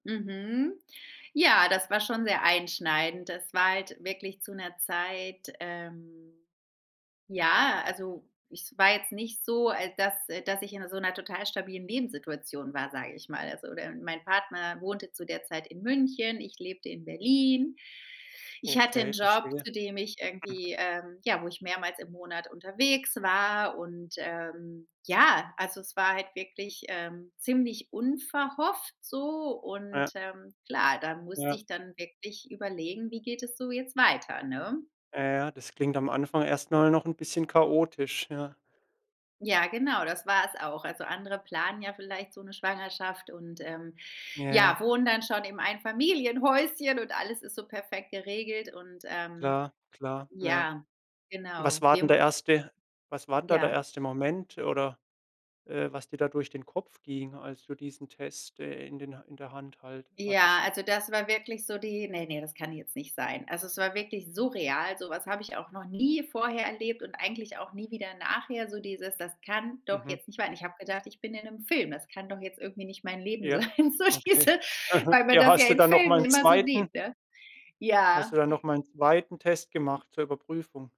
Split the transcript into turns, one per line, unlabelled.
Mhm. Ja, das war schon sehr einschneidend. Das war halt wirklich zu 'ner Zeit ähm, ja, also es war jetzt nicht so, al dass dass ich in so 'ner total stabilen Lebenssituation war, sage ich mal. Also, de mein Partner wohnte zu der Zeit in München, ich lebte in Berlin, ich hatte 'n
Okay,
Job,
verstehe.
zu dem ich
Mhm.
irgendwie ähm, ja, wo ich mehrmals im Monat unterwegs war. Und, ähm, ja, also es war halt wirklich, ähm, ziemlich unverhofft so und,
Ja.
ähm, klar, da musste
Ja.
ich dann wirklich überlegen, wie geht es so jetzt weiter, ne?
Ja, ja. Das klingt am Anfang erst mal noch 'n bisschen chaotisch, ja?
Ja, genau, das war es auch. Also andere planen ja vielleicht so 'ne Schwangerschaft und, ähm,
Ja,
ja,
ja.
wohnen dann schon im Einfamilienhäuschen und alles ist so perfekt geregelt. Und, ähm,
Klar, klar, ja.
ja,
Was
genau,
war
wir
denn der
muss
1. Was war denn da der
Ja.
1. Moment oder, äh, was dir da durch den Kopf ging, als du diesen Test, äh, in den Ha in der Hand halt
Ja,
hattest?
also das war wirklich so die: „Ne, ne, das kann jetzt nicht sein.“ Also, es war wirklich surreal. So was habe ich auch noch nie vorher erlebt und eigentlich auch nie wieder nachher. So dieses: „Das kann doch
Mhm.
jetzt nicht wahr sein.“ Ich habe gedacht, ich bin in 'nem Film. Das kann doch jetzt irgendwie nicht mein Leben
Ja.
sein, so
Okay.
diese
Aha.
weil man
Hier
das ja
hast du
in
dann noch
Filmen
mal 'n
immer so
zweiten
sieht, ne?
Hast du
Ja.
dann noch mal 'n 2. Test gemacht zur Überprüfung?